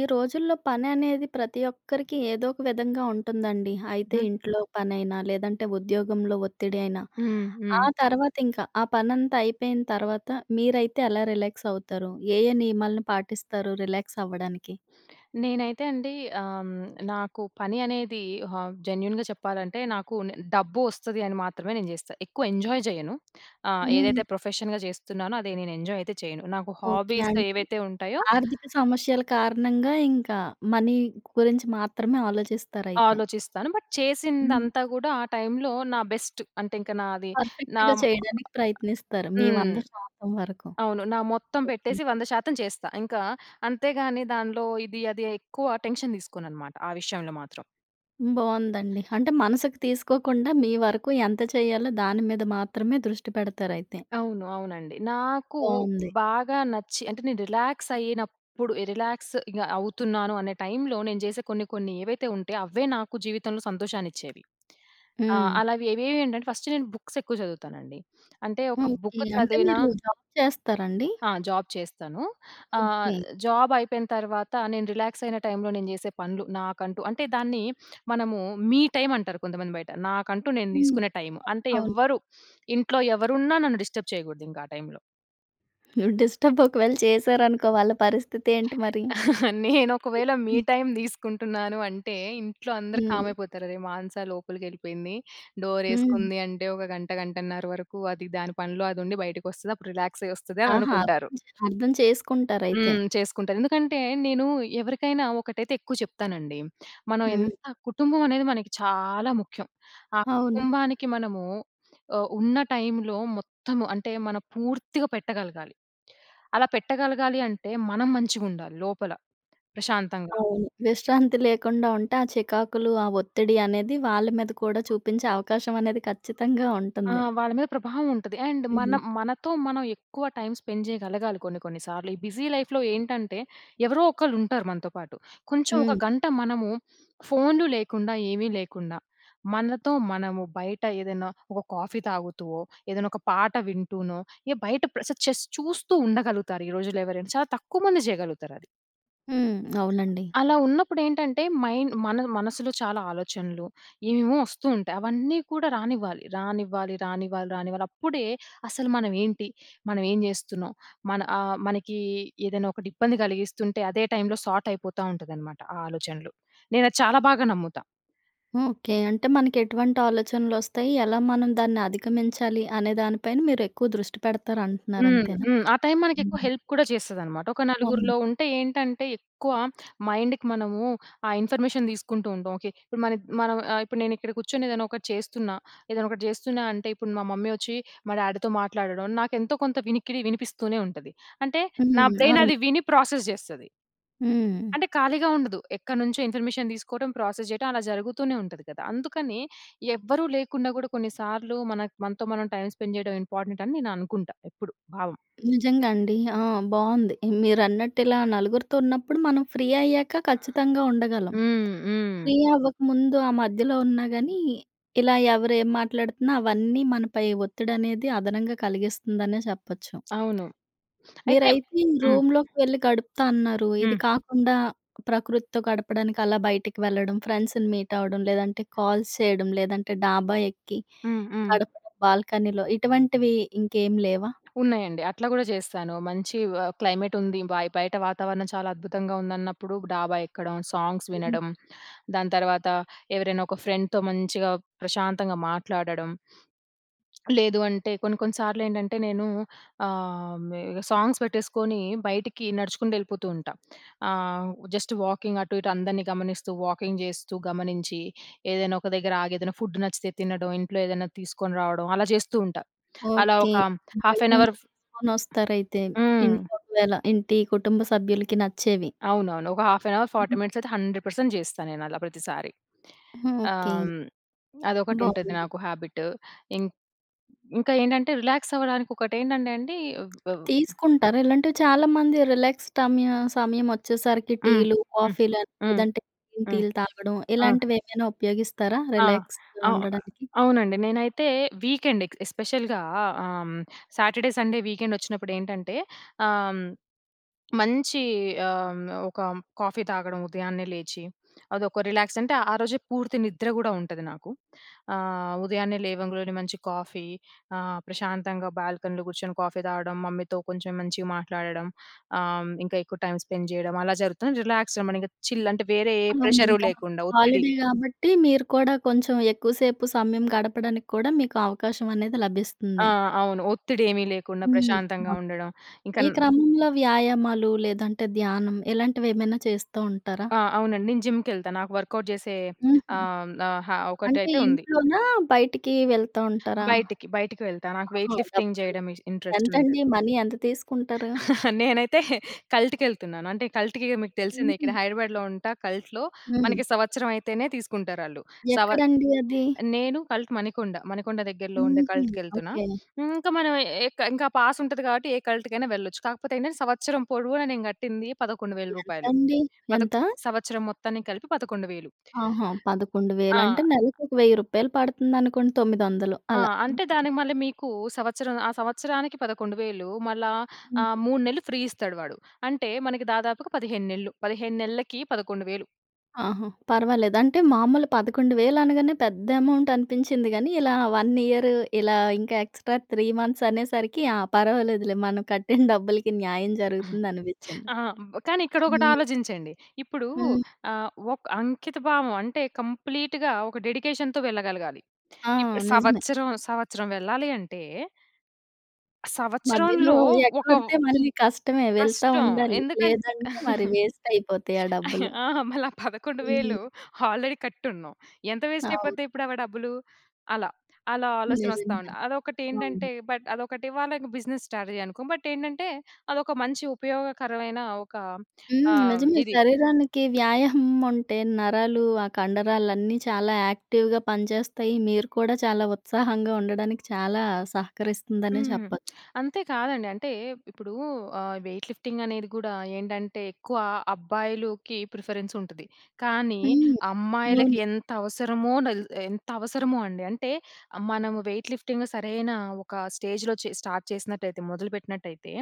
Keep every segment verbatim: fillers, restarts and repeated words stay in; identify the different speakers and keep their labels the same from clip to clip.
Speaker 1: ఈ రోజుల్లో పననేది ప్రతి ఒక్కరికి ఏదో ఒక విధంగా ఉంటందండి. అయితే,
Speaker 2: హ్మ్.
Speaker 1: ఇంట్లో పనైనా, లేదంటే ఉద్యోగంలో ఒత్తిడి అయినా,
Speaker 2: హ్మ్.
Speaker 1: ఆ
Speaker 2: హ్మ్.
Speaker 1: తర్వాత ఇంక, ఆ పనంతా అయిపోయిన తర్వాత మీరైతే ఎలా రిలాక్సవుతారు? ఏ, ఏ నియమాలను పాటిస్తారు రిలాక్సవ్వడానికి?
Speaker 2: నేనైతే అండి, ఆహ్, హ్మ్. నాకు పని అనేదీ హ జెన్యూన్‌గా చెప్పాలంటే, నాకు నె డబ్బు ఒస్తది అని మాత్రమే నేను జేస్తా. ఎక్కువ ఎంజాయ్ జెయ్యను. ఆహ్,
Speaker 1: హ్మ్.
Speaker 2: ఏదైతే ప్రొఫెషన్‌గా జేస్తున్నానో, అదీ నేనెంజాయయితే చెయను. నాకు
Speaker 1: ఓకే.
Speaker 2: హాబీస్
Speaker 1: అంటే,
Speaker 2: ఏవైతే ఉంటయో
Speaker 1: ఆర్థిక సమస్యల కారణంగా ఇంకా మనీ గురించి మాత్రమే ఆలోచిస్తారైతే.
Speaker 2: ఆలోచిస్తాను, బట్
Speaker 1: హ్మ్.
Speaker 2: చేసిందంతా గూడా ఆ టైమ్‌లో నా బెస్ట్. అంటే, ఇంక నాది, నా
Speaker 1: పర్ఫెక్ట్‌గా చెయడానికి ప్రయత్నిస్తారు. మీ
Speaker 2: హ్మ్.
Speaker 1: వంద శాతం వరకు.
Speaker 2: అవును. నా మొత్తం
Speaker 1: ఓకే.
Speaker 2: పెట్టేసి వంద శాతం చేస్తా. ఇంకా అంతే గానీ, దానిలో ఇది, అదీ ఎక్కువ టెన్షన్ దీసుకోననమాట, ఆ విషయంలో మాత్రం.
Speaker 1: బావుందండి. అంటే, మనసుకి తీసుకోకుండా, మీ వరకు ఎంత చెయ్యాలో దాని మీద మాత్రమే దృష్టి పెడతారయితే.
Speaker 2: అవును. అవునండి. నాకూ
Speaker 1: బావుంది.
Speaker 2: బాగా నచ్చి అంటే, నేను రిలాక్సయ్యినప్పుడు, ఎ రిలాక్స్ ఇగ అవుతున్నాను అనే టైమ్‌లో, నేను జేసే కొన్ని, కొన్ని ఏవైతే ఉంటయో, అవే నాకు జీవితంలో సంతోషాన్నిచ్చేవి. ఆ!
Speaker 1: హ్మ్.
Speaker 2: అలావి ఏవేవి ఏంటంటే, ఫస్ట్ నేను బుక్సెక్కువ జదువుతానండి. అంటే, ఒక
Speaker 1: ఓకే.
Speaker 2: బుక్కు
Speaker 1: అంటే,
Speaker 2: చదివినా
Speaker 1: మీరు జాబ్ చేస్తారా అండి?
Speaker 2: ఆ! జాబ్ చేస్తాను. ఆహ్,
Speaker 1: ఓకే.
Speaker 2: జాబయిపోయిన తర్వాత నేను రిలాక్సయిన టైమ్‌లో, నేను జేసే పనులు నాకంటూ అంటే, దాన్నీ మనము మీ టైమంటారు కొంతమంది బయట. నాకంటూ నేను
Speaker 1: హ్మ్.
Speaker 2: దీసుకునే టైమ్. అంటే,
Speaker 1: అవును.
Speaker 2: ఎవ్వరు, ఇంట్లో ఎవరున్నా నన్ను డిస్టర్బ్ చెయ్యగూడదింక ఆ టైమ్‌లో.
Speaker 1: డిస్టర్బ్ ఒకవేళ చేశారనుకో వాళ్ళ పరిస్థితి ఏంటి మరి?
Speaker 2: నేను ఒకవేళ మీ
Speaker 1: హ్మ్.
Speaker 2: టైం తీసుకుంటున్నాను అంటే ఇంట్లో అందరు కామ్
Speaker 1: హ్మ్.
Speaker 2: అయిపోతారు. అరెరె! మానస లోపలికెళ్ళిపోయింది.
Speaker 1: హ్మ్.
Speaker 2: డోరేసుకుంది అంటే ఒక గంట, గంటన్నర వరకు అది దాని పనిలో అది ఉండి బయటకి వస్తది. అప్పుడు రిలాక్స్‌ అయ్యి వస్తది అని
Speaker 1: ఆహా!
Speaker 2: అనుకుంటారు.
Speaker 1: అర్థ అర్థం చేసుకుంటారు. అయితే.
Speaker 2: హ్మ్. చేసుకుంటారు. ఎందుకంటే నేను ఎవరికైనా ఒకటైతే ఎక్కువ చెప్తానండి. మనం ఎంత
Speaker 1: హ్మ్.
Speaker 2: కుటుంబం అనేది మనకి చాలా ముఖ్యం. ఆ
Speaker 1: అవును.
Speaker 2: కుటుంబానికి మనము ఆహ్, ఉన్న టైంలో మొత్తము అంటే మనం పూర్తిగా పెట్టగలగాలి. అలా పెట్టగలగాలి అంటే మనం మంచిగా ఉండాలి. లోపల ప్రశాంతంగా.
Speaker 1: అవును. విశ్రాంతి లేకుండా ఉంటే ఆ చికాకులు, ఆ ఒత్తిడి అనేది వాళ్ళ మీద కూడా చూపించే అవకాశం అనేది ఖచ్చితంగా
Speaker 2: ఆ!
Speaker 1: ఉంటుంది.
Speaker 2: వాళ్ళ మీద ప్రభావం ఉంటది. అండ్
Speaker 1: హ్మ్.
Speaker 2: మనం మనతో మనం ఎక్కువ టైం స్పెండ్ చేయగలగాలి. కొన్ని కొన్ని సార్లు ఈ బిజీ లైఫ్‍లో ఏంటంటే ఎవరో ఒకళ్ళు ఉంటారు మనతో పాటు. కొంచెం ఒక
Speaker 1: హ్మ్.
Speaker 2: గంట మనము ఫోన్‌లు లేకుండా, ఏమీ లేకుండా మనతో మనము బయట ఏదైనా ఒక కాఫీ తాగుతూ ఓహ్! ఏదైనా ఒక పాట వింటూనో ఎ బయట ప్ర జస్ట్ చూస్తూ ఉండగలుగుతారు. ఈ రోజుల్లో ఎవరైనా చాలా తక్కువమంది చేయగలుగుతారు అది.
Speaker 1: హ్మ్. అవునండి.
Speaker 2: అలా ఉన్నప్పుడెటంటే మైన్ మనది మనసులో చాలా ఆలోచనలు, ఏమేమో ఒస్తూ ఉంటాయి. అవన్నీ కూడా రానివ్వాలి. రానివ్వాలి, రానివ్వాలి, రానివ్వాలి. అప్పుడే అసలు మనమేంటి? మనం ఏం జెస్తున్నాం? మన ఆహ్, మనకి ఏదైనా ఒకటి ఇబ్బంది గలిగిస్తుంటే, అదే టైమ్‌లో సార్ట్ అయిపోతాటుందన్నమాట. ఆ ఆలోచనలు. నేను అది చాలా బాగా నమ్ముతా.
Speaker 1: ఓకె. అంటే మనకెటువంటి ఆలోచనలొస్తయి? ఎలా మనం దాన్ని అధిగమించాలి అనే దాని పైన మీరెక్కువ దృష్టి పెడతాటున్నారంటున్నారు
Speaker 2: హ్మ్.
Speaker 1: అంతేనా?
Speaker 2: హ్మ్. ఆ టైమ్ మనకెక్కువ
Speaker 1: హ్మ్.
Speaker 2: హెల్ప్ గూడా చేస్తది అన్నమాట. ఒక
Speaker 1: అవును.
Speaker 2: నలుగురిలో ఉంటే ఏంటంటే, ఎక్కువ మైండ్‌కి మనము ఆ ఇన్ఫర్మేషన్ దీసుకుంటూ ఉంటాం. ఓకె. ఇప్పుడు మానద్ మనం ఆహ్, ఇప్పుడు నేను ఇక్కడ కూర్చొని ఏదైనా ఒకటి చేస్తున్నా. ఏదైనా ఒకటి జెస్తున్నా అంటే, ఇప్పుడు మా మమ్మీ ఒచ్చి మా డ్యాడీ‌తో మాట్లాడడం, నాకెంతో కొంత వినికిడి వినిపిస్తూనే ఉంటది. అంటే నా
Speaker 1: హ్మ్.
Speaker 2: బ్రైన్
Speaker 1: అవును.
Speaker 2: అది విని ప్రాసెస్ జెస్తది.
Speaker 1: హ్మ్.
Speaker 2: అంటే ఖాళీగా ఉండదు. ఎక్కడ్నుంచో ఇన్ఫర్మేషన్ తీసుకోవటం, ప్రాసెస్ చేయడం అలా జరుగుతూనే ఉంటది గదా. అందుకని ఎవ్వరు లేకుండా గూడా కొన్ని సార్లు మనకు మనతో మనం టైమ్ స్పెండ్ చేయడం ఇంపార్టెంట్ అని నేను అనుకుంటా. ఎప్పుడు. భావం.
Speaker 1: నిజంగా అండి. ఆ! బావుంది. హ్మ్. మీరన్నట్టిలా నలుగురితో ఉన్నప్పుడు మనం ఫ్రీ అయ్యాక ఖచ్చితంగా ఉండగలం.
Speaker 2: హ్మ్. హ్మ్, హ్మ్.
Speaker 1: ఫ్రీ అవ్వకముందు ఆ మధ్యలో ఉన్నా గాని, ఇలా ఎవరు ఎం మాట్లాడుతున్న అవన్నీ మనపై ఒత్తిడి అనేది అదనంగా కలిగిస్తుందనే చెప్పొచ్చు.
Speaker 2: అవును. అయితే
Speaker 1: మీరైతే ఈ
Speaker 2: హ్మ్.
Speaker 1: రూమ్‌లోకి వెళ్ళి గడుపుతా అన్నారు. ఇది
Speaker 2: హ్మ్.
Speaker 1: కాకుండా, ప్రకృతితో గడపడానికి అలా బయటికి వెళ్ళడం ఫ్రెండ్స్‌ని మీట్ అవ్వడం లేదంటే, కాల్స్ చేయడం, లేదంటే డాబా ఎక్కి
Speaker 2: హ్మ్. హ్మ్.
Speaker 1: గడప్ బాల్కనీలో ఇటువంటివి ఇంకేమి లేవా?
Speaker 2: ఉన్నాయండి. అట్లా గూడా చేస్తాను. మంచి ఆహ్, క్లైమేట్ ఉంది. బయ్ బయట వాతావరణం చాలా అద్భుతంగా ఉందన్నప్పుడు డాబా ఎక్కడం, సాంగ్స్
Speaker 1: హ్మ్.
Speaker 2: వినడం. దాని తర్వాత ఎవరైనా ఒక ఫ్రెండ్‌తో మంచిగా, ప్రశాంతంగా మాట్లాడడం. లేదు అంటే కొన్ని కొన్ని సార్లెంటంటే నేను ఆహ్, మి ఇగ సాంగ్స్ బెట్టేసుకొని బయటికి నడుచుకుంటెళ్ళిపోతూ ఉంటా. ఆహ్, జస్ట్ వాకింగ్ అటు ఇటు అందరిని గమనిస్తూ, వాకింగ్ జెస్తూ గమనించి. ఏదైనా ఒక దగ్గర ఆగి ఏదైనా ఫుడ్ నచ్చితే తినడం. ఇంట్లో ఏదైనా తీసుకొని రావడం. అలా జెస్తూ ఉంటా. అలా
Speaker 1: ఓకె.
Speaker 2: ఒక హాఫ్ ఎన్
Speaker 1: బయట్నుంచి
Speaker 2: అవర్. ఫ్
Speaker 1: తీసుకొనొస్తారైతే.
Speaker 2: హ్మ్.
Speaker 1: ఇంట్లో ఒకవేళ ఇంటి కుటుంబ సభ్యులకి నచ్చేవి.
Speaker 2: అవునవును. ఒక హాఫ్ యన్ అవర్,
Speaker 1: హ్మ్,
Speaker 2: ఫార్టీ
Speaker 1: హ్మ్.
Speaker 2: మినిట్స్ అయితే హండ్రెడ్ పర్సెంట్ జెస్తా నేను అలా ప్రతిసారి. ఆహ్,
Speaker 1: ఓకె.
Speaker 2: హ్మ్, అదొకటి ఉంటది
Speaker 1: బావుంది.
Speaker 2: నాకు హాబిట్. ఇం ఇంకా ఏంటంటే రిలాక్స్ అవ్వడానికి ఒకటేంటంటేండి అబ్ బ్
Speaker 1: తీసుకుంటారా ఇలాంటివి చాలా మంది రిలాక్స్ టమ్య సమయం ఒచ్చేసరికి
Speaker 2: హ్మ్.
Speaker 1: టీలు,
Speaker 2: హ్మ్.
Speaker 1: కాఫీలని
Speaker 2: హ్మ్.
Speaker 1: లేదంటే గ్రీన్
Speaker 2: హ్మ్.
Speaker 1: టీలు తాగడం
Speaker 2: ఆ!
Speaker 1: ఇలాంటివెమైనా ఉపయోగిస్తారా?
Speaker 2: ఆ!
Speaker 1: రిలాక్స్‌గా
Speaker 2: అవు
Speaker 1: ఉండడానికి?
Speaker 2: అవునండి. నేనైతే వీకెండ్ ఎక్ ఎస్పెషల్‌గా ఆహ్, హ్మ్, సాటర్డే, సండే వీకెండ్ ఒచ్చినప్పుడెంటంటే ఆహ్, హ్మ్, మంచి ఆహ్, హ్మ్, ఒక కాఫీ తాగడం ఉదయాన్నే లేచి, అదొక రిలాక్స్. అంటే ఆ రోజే పూర్తి నిద్ర గూడా ఉం‌టది నాకు. ఆహ్, ఉదయాన్నే లేవంగులో‌నే మంచి కాఫీ ఆహ్, ప్రశాంతంగా బాల్కనీలో గూర్చొని కాఫీ తాగడం. మమ్మీతో కొంచెం మంచిగా మాట్లాడడం. ఆహ్, ఇంకా ఎక్కువ టైమ్ స్పెండ్ చేయడం. అలా జరుగుతుంది. రిలాక్స్‌గా మనం ఇంకా చిల్ అంటే వేరే ఏ
Speaker 1: అవునవును.
Speaker 2: ప్రెజరు
Speaker 1: ఇంకా
Speaker 2: లేకుండా. ఒత్తిడి.
Speaker 1: హాలిడే గాబట్టి, మీరు కూడా కొంచెం ఎక్కువసేపు సమయం గడపడానికి కూడా మీకు అవకాశం అనేది
Speaker 2: ఆ!
Speaker 1: లభిస్తుంది.
Speaker 2: అవును. ఒత్తిడెమి లేకుండా
Speaker 1: హ్మ్.
Speaker 2: ప్రశాంతంగా
Speaker 1: అవును.
Speaker 2: ఉండడం. ఇంకా
Speaker 1: ఈ
Speaker 2: న్
Speaker 1: క్రమంలో వ్యాయామాలు లేదంటే, ధ్యానం ఇలాంటివెమైనా చేస్తూ ఉంటారా?
Speaker 2: ఆ! అవునండి. నేను జిమ్‌కెళ్తా. నాకు వర్కౌట్ చేసే
Speaker 1: హుహు.
Speaker 2: ఆహ్, ఆహా!
Speaker 1: అంటే
Speaker 2: ఒకటైతే ఉంది.
Speaker 1: ఇంట్లోనా, బయటికి వెళ్తా ఉంటారా?
Speaker 2: బయటికి, బయటికి వెళ్తా. నాకు
Speaker 1: ఆహా!
Speaker 2: వేయిట్ లిఫ్టింగ్
Speaker 1: డబ్బులు.
Speaker 2: చేయడం ఇస్ ఇంటరెస్ట్ ఉంది.
Speaker 1: ఎంతండి? మనీ ఎంత తీసుకుంటారు?
Speaker 2: నేనైతే కల్ట్‌కెళ్తున్నాను. అంటే, కల్ట్‌కిగ మీకు తెలిసిందే ఇక్కడ
Speaker 1: హుహు.
Speaker 2: హైదరాబాద్‍లో ఉంటా. కల్ట్‌లో
Speaker 1: హ్మ్.
Speaker 2: మనకి సంవత్సరైతేనే తీసుకుంటారాళ్ళు. సవ
Speaker 1: ఎక్కడండి అది?
Speaker 2: నేను కల్ట్ మణికొండ. మణికొండ దగ్గరలో ఉండే
Speaker 1: హుహు.
Speaker 2: కల్ట్‌కెళ్తున్నా.
Speaker 1: ఓకె.
Speaker 2: ఇంకా మనమే ఎక్ ఇంక ఆ పాస్ ఉంటది గాబట్టి ఏ కల్ట్‌కైనా వెళ్ళొచ్చు. కాకపోతే ఏంటంటే, సంవత్సరం పొడవున నేను గట్టింది పదకొండు వేల రూపాయలు.
Speaker 1: ఎంతండి?
Speaker 2: పదకొ
Speaker 1: ఎంతా?
Speaker 2: సంవత్సరం మొత్తాన్ని కలిపి పదకొండు వేలు.
Speaker 1: ఆహా! పదకొండు
Speaker 2: ఆ!
Speaker 1: వేలు అంటే నెలకొక వెయ్యి రూపాయలు పడుతుందనుకోండి. తొమ్మిదొందలు
Speaker 2: ఆ!
Speaker 1: అలా.
Speaker 2: అంటే దానికి మళ్లీ మీకు సంవత్సరం ఆ సంవత్సరానికి పదకొండు వేలు. మల్ల, ఆహ్,
Speaker 1: హ్మ్.
Speaker 2: మూడు నెల్లు ఫ్రీ ఇస్తాడు వాడు. అంటే మనకి దాదాపుగా పదిహేను నెల్లు, పదిహేను నెళ్ళకి పదకొండు వేలు.
Speaker 1: ఆహా! పర్వాలేదు అంటే మామూలు పదకొండు వేలు అనగానే పెద్ద అమౌంట్ అనిపించింది గానీ, ఇలా వన్ ఇయరు. ఇలా ఇంకా ఎక్స్‌ట్రా త్రీ మంత్స్ అనేసరికి, ఆ పర్వాలేదులే మనం కట్టిన డబ్బులకి న్యాయం జరుగుతుంది అనిపించింది.
Speaker 2: ఆ! కానీ ఇక్కడ ఒకటి
Speaker 1: హ్మ్.
Speaker 2: ఆలోచించండి. ఇప్పుడు
Speaker 1: హ్మ్.
Speaker 2: ఆహ్, ఒక అంకిత భావం అంటే కంప్లీట్‌గా ఒక డెడికేషన్‌తో వెళ్ళగలగాలి.
Speaker 1: ఆ!
Speaker 2: ఇప్ప్
Speaker 1: నిజమే.
Speaker 2: సంవత్సరం సంవత్సరం వెళ్ళాలి అంటే
Speaker 1: మధ్యలో
Speaker 2: సంవత్సరంలో ఒక వ్
Speaker 1: ఎగ్గొడితే మళ్ళీ కష్టమే వెళ్తా
Speaker 2: కష్టం.
Speaker 1: ఉండాలి.
Speaker 2: ఎందుకంటే
Speaker 1: లేదంటే మరి వేస్ట్ అయిపోతాయి ఆ డబ్బులు.
Speaker 2: ఆ! మళ్ళా పదకొండు
Speaker 1: హ్మ్.
Speaker 2: వేలు ఆల్రెడీ కట్టి ఉన్నాం. ఎంత వేస్ట్ అయిపోతాయి.
Speaker 1: అవును.
Speaker 2: ఇప్పుడు అవ డబ్బులు. అలా అలా ఆలోచన వస్తా ఉంది.
Speaker 1: నిజంగానే
Speaker 2: అదొకటి
Speaker 1: అవును.
Speaker 2: ఏంటంటే, బట్ అదొకటి వాళకి బిజినెస్ స్ట్రాటజి అనుకో. బట్ ఏంటంటే, అదొక మంచి ఉపయోగకరమైన ఒక
Speaker 1: హ్మ్.
Speaker 2: ఆహ్,
Speaker 1: నిజమే
Speaker 2: ఇది.
Speaker 1: శరీరానికి వ్యాయామం ఉంటే, నరాలు ఆ కండరాలన్నీ చాలా యాక్టివ్‌గా పనిచేస్తాయి. మీరు కూడా చాలా ఉత్సాహంగా ఉండడానికి చాలా సహకరిస్తుందనే
Speaker 2: హ్మ్.
Speaker 1: చెప్పొచ్చు.
Speaker 2: అంతే కాదండి. అంటే ఇప్పుడు ఆహ్, వెయిట్ లిఫ్టింగ్ అనేది కూడా ఏంటంటే, ఎక్కువ అబ్బాయిలుకి ప్రిఫరెన్స్ ఉంటది. కానీ
Speaker 1: హ్మ్.
Speaker 2: అమ్మాయిలకి
Speaker 1: అవును.
Speaker 2: ఎంత అవసరమో నలత్ ఎంత అవసరమో అండి. అంటే మనము వెయిట్ లిఫ్టింగ్ సరైన ఒక స్టేజ్‌లో చే స్టార్ట్ చేసినట్లయితే మొదలు పెట్టినట్లయితే,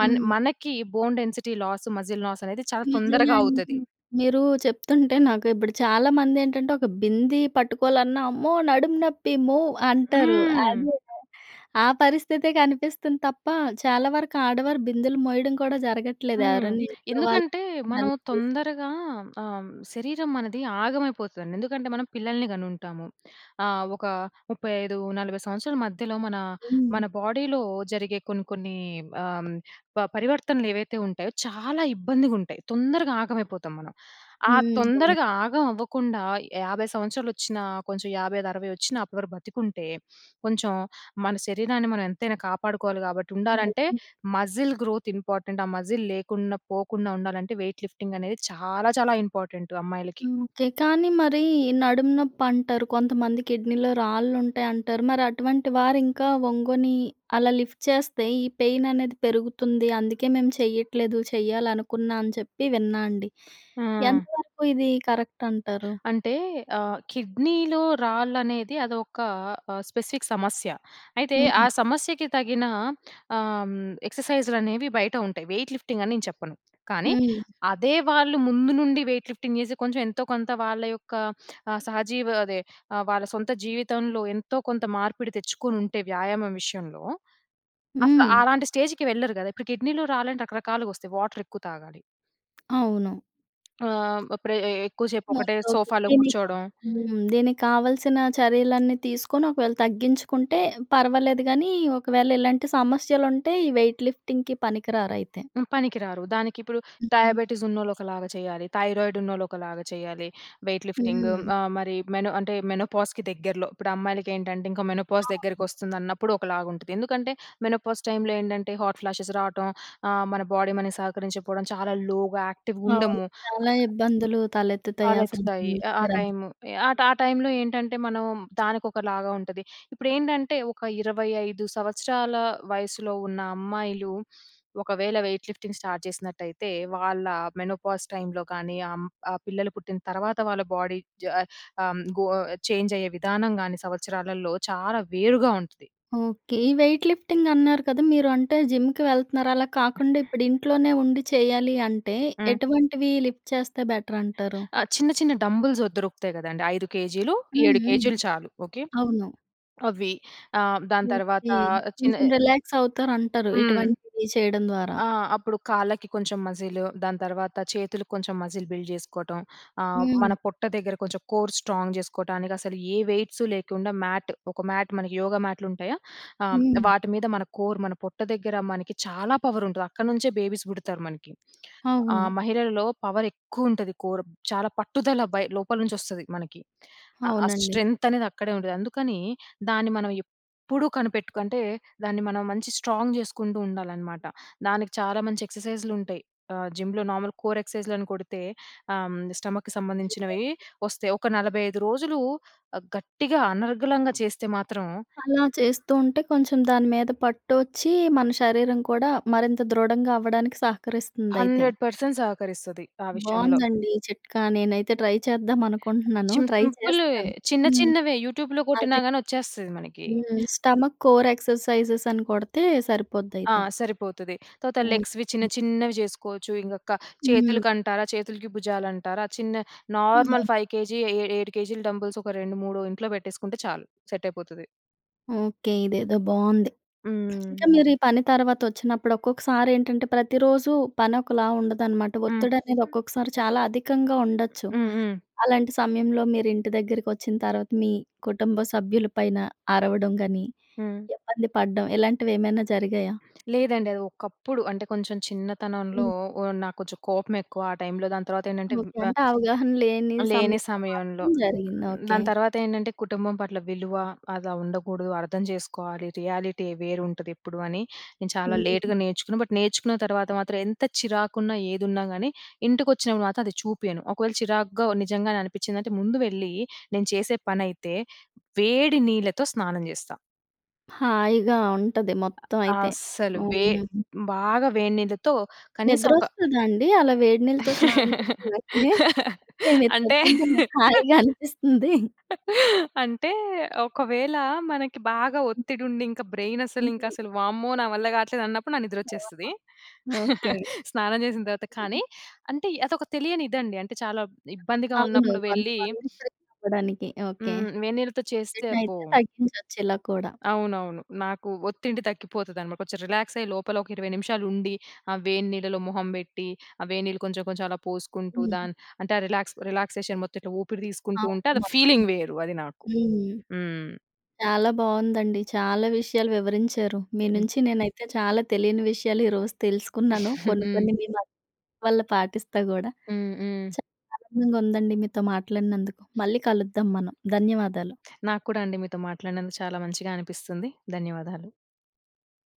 Speaker 2: మన్
Speaker 1: హ్మ్.
Speaker 2: మనకి bone density loss ,muscle loss అనేది చాలా
Speaker 1: నిజమే
Speaker 2: తొందరగా
Speaker 1: అండి.
Speaker 2: అవుతది.
Speaker 1: మీరు చెప్తుంటే నాకు ఇప్పుడు చాలా మంది ఏంటంటే, ఒక బింది పట్టుకోవాలన్నా. అమ్మో! నడుము నొప్పి మో అంటారు.
Speaker 2: హ్మ్.
Speaker 1: అది ఆ పరిస్థితి కనిపిస్తుంది తప్ప. చాలా వరకు ఆడవారు బిందెలు మోయడం కూడా జరగట్లేదు.
Speaker 2: హ్మ్.
Speaker 1: ఎవరైనా ఇంట్లో వాళ్ళు
Speaker 2: ఎందుకంటే మనం
Speaker 1: హెల్ప్ తీసుకుని
Speaker 2: తొందరగా ఆహ్, శరీరం మనది ఆగమైపోతుందండి. ఎందుకంటే మనం పిల్లల్ని కని ఉంటాము. ఆహ్, ఒక ముప్పై ఐదు నలభై సంవత్సరాల మధ్యలో మన,
Speaker 1: హ్మ్.
Speaker 2: మన బాడీలో జరిగే కొన్ని కొన్ని ఆహ్, పరివర్తనలు ఏవైతే ఉంటాయో, చాలా ఇబ్బందిగుంటాయి. తొందరగా ఆగమైపోతాం మనం. ఆ
Speaker 1: హ్మ్. అవునండి.
Speaker 2: తొందరగా ఆగం అవ్వకుండా యాభై సంవత్సరాలు వచ్చినా, కొంచెం యాభై ఐదు అరవై వచ్చిన అప్పటివరకు బ్రతికుంటే, కొంచెం మన శరీరాన్ని మనం ఎంతైనా కాపాడుకోవాలి కాబట్టి, ఉండాలంటే
Speaker 1: నిజం.
Speaker 2: మజిల్ గ్రోత్ ఇంపార్టెంట్ ఆ మజిల్ లేకుండా పోకుండా ఉండాలంటే, వెయిట్ లిఫ్టింగ్ అనేది చాలా చాలా ఇంపార్టెంటు అమ్మాయిలకి.
Speaker 1: హ్మ్. ఓకే. కానీ మరి నడుము నొప్పి అంటారు. కొంతమంది కిడ్నీలో రాళ్ళు ఉంటాయి అంటారు. మరి అటువంటి వారు ఇంకా ఒంగొని అలా లిఫ్ట్ చేస్తే, ఈ పెయిన్ అనేది పెరుగుతుంది. అందుకే మేము చెయ్యట్లేదు చేయాలనుకున్నా, అని చెప్పి విన్నా అండి.
Speaker 2: ఆ!
Speaker 1: ఎంతవరకు ఇది కరెక్ట్ అంటారు?
Speaker 2: అంటే ఆ! కిడ్నీలో రాళ్ళనేది అదొక ఆహ్, స్పెసిఫిక్ సమస్య. అయితే ఆ
Speaker 1: హుహు.
Speaker 2: సమస్యకి తగిన ఆహ్, ఎక్సర్సైజ్‌లనేవి బయట ఉంటాయి. వెయిట్ లిఫ్టింగ్ అని నేను చెప్పను. కానీ
Speaker 1: హ్మ్.
Speaker 2: అదే వాళ్ళు ముందు నుండి వెయిట్ లిఫ్టింగ్ చేసి, కొంచెం ఎంతో కొంత వాళ్ళ యొక్క ఆహ్, సహజీవ అదే ఆహ్, వాళ్ళ సొంత జీవితంలో ఎంతో కొంత మార్పిడి తెచ్చుకోనుంటే వ్యాయామం విషయంలో. అసలు
Speaker 1: హ్మ్.
Speaker 2: అలాంటి స్టేజ్‌కి వెళ్ళరు కదా! ఇప్పుడు కిడ్నీలో రాలంటే రకరకాలుగా వస్తాయి వాటర్ ఎక్కువ తాగాలి.
Speaker 1: అవును.
Speaker 2: ఆహ్, ఇప్పురే ఎక్కువ సేపు
Speaker 1: ఓకే.
Speaker 2: ఒకటే
Speaker 1: ఓకే.
Speaker 2: సోఫాలో
Speaker 1: దీనిక
Speaker 2: కూర్చోడం
Speaker 1: హ్మ్. దీనికి కావలసిన చర్యలన్నీ తీసుకొని ఒకవేళ తగ్గించుకుంటే, పర్వాలేదు గానీ ఒకవేళ ఇలాంటి సమస్యలుంటే ఈ వెయిట్ లిఫ్టింగ్‌కి పనికిరారయితే.
Speaker 2: హ్మ్. పనికిరారు దానికిప్పుడు
Speaker 1: హుహు.
Speaker 2: డయాబెటిసున్నోళ్ళు ఒకలాగా చేయాలి. థైరాయిడున్నోళ్ళు ఒకలాగా చేయాలి వెయిట్ లిఫ్టింగు.
Speaker 1: హ్మ్.
Speaker 2: మరి మెనో అంటే మెనోపాజ్‍కి దగ్గరలో, ఇప్పుడు అమ్మాయిలకేంటంటే ఇంకా మెనోపాజ్
Speaker 1: అవును.
Speaker 2: దగ్గరికొస్తుందన్నప్పుడు ఒకలాగా ఉంటది. ఎందుకంటే మెనోపాజ్ టైమ్‌లో ఏంటంటే హాట్ ఫ్లాషెస్ రావటం ఆహ్, మన బాడీ మనకు సహకరించకపోడం చాలా లోగా యాక్టివ్
Speaker 1: అవును.
Speaker 2: ఉండము.
Speaker 1: చాలా ఇబ్బందులు తలెత్తుతాయి ఆ
Speaker 2: తలెత్తుతాయి.
Speaker 1: సమయంలో
Speaker 2: ఆహ్, ఆ
Speaker 1: [unintelligible]
Speaker 2: టైము ఎహ్, ఆ టైములో ఏంటంటే మనము దానికొకలాగా ఉంటది. ఇప్పుడేంటంటే ఒక ఇరవై ఐదు సంవత్సరాల వయసులో ఉన్న అమ్మాయిలు ఒకవేళ వెయిట్ లిఫ్టింగ్ స్టార్ట్ జేసినట్టయితే వాళ్ళ మెనోపాజ్ టైమ్‌లో కానీ ఆహ్, హ్మ్. ఆ పిల్లలు పుట్టిన తర్వాత వాళ్ళ బాడీ జ ఆహ్, హ్మ్. గొ చేంజయ్యే విధానం గాని సంవత్సరాలలో చాలా వేరుగా ఉంటది.
Speaker 1: ఓకే. ఈ వెయిట్ లిఫ్టింగ్ అన్నారు కద! మీరు అంటే జిమ్‌కి వెళ్తున్నారు అలా కాకుండా ఇప్పుడు ఇంట్లోనే ఉండి చేయాలి అంటే
Speaker 2: హ్మ్.
Speaker 1: ఎటువంటివి లిఫ్ట్ చేస్తే బెటరంటారు.
Speaker 2: ఆ! చిన్న చిన్న డంబెల్స్ దొరుకుతాయి గదండీ. ఐదు కేజీలు,
Speaker 1: హ్మ్,
Speaker 2: ఏడు
Speaker 1: హ్మ్.
Speaker 2: కేజీలు చాలు ఓకే.
Speaker 1: అవును.
Speaker 2: అవ్వి ఆహ్, హ్మ్. దాని తర్వాత
Speaker 1: ఓకే.
Speaker 2: చిన్న
Speaker 1: కొంచెం రిలాక్సవుతారు అంటరు.
Speaker 2: హ్మ్.
Speaker 1: ఇటువంటివి చేయడం ద్వారా.
Speaker 2: ఆ! అప్పుడు కాళ్ళకి కొంచెం మజీలు దాని తర్వాత చేతులకి కొంచెం మజిల్ బిల్డ్ జేసుకోటం. ఆహ్, మన
Speaker 1: హ్మ్.
Speaker 2: పొట్ట దగ్గర కొంచెం కోర్ స్ట్రాంగ్ జేసుకోటానికసలు, ఏ వెయిట్సు లేకుండా మ్యాట్ ఒక మ్యాట్, మనకి యోగా మ్యాట్‍లుంటాయా! ఆహ్, హ్మ్.
Speaker 1: హ్మ్.
Speaker 2: వాటి మీద మన కోర్ మన పొట్ట దగ్గర మనకి చాలా పవరుంటది. అక్కడి నుంచే బేబీస్ బుడతారు మనకి. ఆహ్,
Speaker 1: అవును.
Speaker 2: మహిళలలో పవరెక్కువ ఉంటది. కోర్ చాలా పట్టుదల బై లోపల నుంచొస్తది మనకి. ఆ ఆ
Speaker 1: అవునండి.
Speaker 2: స్ట్రెంగ్తనేది అక్కడే ఉండేది. అందుకనీ దాన్ని మనం ఎప్పుడూ కనిపెట్టుకంటే దాన్ని మనం మంచి స్ట్రాంగ్ జేసుకుంటూ ఉండాలనమాట. దానికి చాలా మంచి ఎక్సర్సైజ్‌లుంటయి. ఆహ్, జిమ్‌లో నార్మల్ కోర్ ఎక్సర్సైజ్‌లని కొడితే ఆహ్, హ్మ్. స్టమక్‌కి సంబంధించినవీ
Speaker 1: ఓకే.
Speaker 2: వస్తాయి. ఒక నలభై ఐదు రోజులు గట్టిగా అనర్గళంగా చేస్తే మాత్రం...
Speaker 1: అలా చేస్తూ ఉంటే కొంచెం దాని మీద పట్టోచ్చి మన శరీరం కూడా మరింత దృఢంగవ్వడానికి సహకరిస్తుందయితే.
Speaker 2: హండ్రెడ్ పర్సెంట్ సహకరిస్తది ఆ విషయంలో.
Speaker 1: బావుందండి. ఈ చిట్కా నేనైతే ట్రై చేద్దామనుకుంటున్నాను
Speaker 2: చిన్
Speaker 1: ట్రై
Speaker 2: సింపులువే.
Speaker 1: చేస్తాను.
Speaker 2: చిన్న
Speaker 1: హ్మ్.
Speaker 2: చిన్నవే యూట్యూబ్‌లో
Speaker 1: అది
Speaker 2: కొట్టిన గాని వచ్చేస్తది మనకి.
Speaker 1: హ్మ్. స్టమక్ కోర్ ఎక్సర్సైజెస్ అని కొడితే
Speaker 2: ఆ!
Speaker 1: సరిపోద్దయితే.
Speaker 2: సరిపోతది తర్వాత లెగ్స్‌వి చిన్న
Speaker 1: ఓకే.
Speaker 2: చిన్నవి జేసుకోవచ్చు. ఇంగ క
Speaker 1: హ్మ్.
Speaker 2: చేతులకంటారా? చేతులకి భుజాలంటారా? చిన్న నార్మల్
Speaker 1: [unintelligible]
Speaker 2: ఫైవ్ కేజీ ఏ ఏడు కేజీలు డంబెల్స్ ఒక రెండు మూడు ఇంట్లో పెట్టేసుకుంటే చాలు సెట్టయిపోతది.
Speaker 1: ఓకే. ఇదేదో బాగుంది. ఇంకా
Speaker 2: హ్మ్.
Speaker 1: మీరు ఈ పని తర్వాత వచ్చినప్పుడు ఒక్కొక్కసారి ఏంటంటే, ప్రతిరోజు పని ఒకలా ఉండదనమాట.
Speaker 2: హ్మ్.
Speaker 1: ఒత్తిడి అనేది
Speaker 2: హ్మ్.
Speaker 1: ఒక్కొక్కసారి చాలా అధికంగా ఉండొచ్చు.
Speaker 2: హ్మ్. హ్మ్.
Speaker 1: అలాంటి సమయంలో మీరు ఇంటి దగ్గరకొచ్చిన తర్వాత, మీ కుటుంబ సభ్యుల పైన అరవడం గాని,
Speaker 2: హ్మ్.
Speaker 1: ఇబ్బంది పడడం ఇలాంటివి ఏమైనా జరిగాయా?
Speaker 2: లేదండి. అది ఒకప్పుడు. అంటే కొంచెం చిన్నతనంలో,
Speaker 1: హ్మ్.
Speaker 2: ఓహ్! నాకు కొంచెం కోపం ఎక్కువ. ఆ టైమ్‌లో దాని తర్వాత ఏంటంటే,
Speaker 1: ఓకే.
Speaker 2: వ
Speaker 1: అంటే అవగాహన లేని
Speaker 2: లేని
Speaker 1: సమయంలో
Speaker 2: సమయంలో.
Speaker 1: మాత్రం జరిగింది. ఓకే.
Speaker 2: దాని తర్వాత ఏంటంటే, కుటుంబం పట్ల విలువ అలా ఉండకూడదు, అర్థం చేసుకోవాలి, రియాలిటీ వేరుంటది ఎప్పుడు అని, నేను చాలా
Speaker 1: హ్మ్.
Speaker 2: లేట్‌గా నేర్చుకుని బట్, నేర్చుకున్న తర్వాత మాత్రం ఎంత చిరాకున్నా, ఏదున్నా కాని ఇంటికొచ్చినప్పుడు మాత్రం అది చూపియను. ఒకవేళ చిరాగ్గా నిజంగానే అనిపించిందంటే ముందు వెళ్ళి, నేను చేసే పనైతే వేడి నీళ్లతో స్నానం చేస్తా.
Speaker 1: హాయిగా ఉంటది. మొత్తం అయితే.
Speaker 2: అస్సలు. వే
Speaker 1: అవునా!
Speaker 2: బాగా వేడినీళ్ళతో కనీసం ఒక
Speaker 1: నిద్రొస్తదా అండి, అలా వేడి నీళ్ళతో స్నానం చేసిన వెంటనే. అదే మీరు
Speaker 2: అంటే
Speaker 1: చెప్పుతుంటే నాకు హాయిగా అనిపిస్తుంది.
Speaker 2: అంటే, ఒకవేళ మనకి బాగా ఒత్తిడుండి ఇంక బ్రైన్ అసలు
Speaker 1: మీరు
Speaker 2: ఇంకశలు వామ్మో! నా వల్ల కాట్లేదు అన్నప్పుడు నా నిద్ర
Speaker 1: నిజంగా.
Speaker 2: వచ్చేస్తది.
Speaker 1: ఓకే.
Speaker 2: స్నానం చేసిన తర్వాత.
Speaker 1: హ్మ్,
Speaker 2: కానీ,
Speaker 1: హ్మ్.
Speaker 2: అంటే అది ఒక తెలియని ఇది అండి. అంటే, చాలా ఇబ్బందిగా
Speaker 1: అవును.
Speaker 2: ఉన్నప్పుడు వెళ్లి
Speaker 1: కొంతమంది [unintelligible] చెప్పాడానికి. ఓకే.
Speaker 2: హ్మ్. వేడినీళ్ళతో చేస్తే అబ్బో!
Speaker 1: ఒత్తిడినయితే తగ్గించొచ్చు ఇలా కూడా.
Speaker 2: అవునవును. నాకు ఒత్తిడి తగ్గిపోతది అన్నమాట. కొంచెం రిలాక్సై లోపల ఒక ఇరవై నిమిషాలు ఉండి. ఆ వేడి నీళ్ళలో మొహం బెట్టి. ఆ వేడి నీళ్ళు కొంచెం, కొంచెం అలా పోసుకుంటూ,
Speaker 1: హ్మ్.
Speaker 2: దాన్ అంటే రిలాక్స్ రిలాక్సేషన్ మొత్తం ఇట్ల ఊపిరి తీసుకుంటూ ఉంటే,
Speaker 1: అవును
Speaker 2: అది
Speaker 1: మొత్తం.
Speaker 2: ఫీలింగ్ వేరు అది నాకు.
Speaker 1: హ్మ్.
Speaker 2: హ్మ్.
Speaker 1: చాలా బాగుందండి. చాలా విషయాలు వివరించారు. మీ
Speaker 2: హ్మ్.
Speaker 1: నుంచి నేనైతే చాలా తెలియని విషయాలు ఈరోజు తెలుసుకున్నాను. కొన్ని,
Speaker 2: హ్మ్.
Speaker 1: కొన్ని మీ వల్ల పాటిస్తా కూడా.
Speaker 2: హ్మ్. హ్మ్.
Speaker 1: చాలా ఆనందంగా ఉందండి మీతో మాట్లాడినందుకు. మళ్ళీ కలుద్దాం మనం. ధన్యవాదాలు.
Speaker 2: నాకు కూడా అండి, మీతో మాట్లాడినందుకు చాలా మంచిగా అనిపిస్తుంది. ధన్యవాదాలు.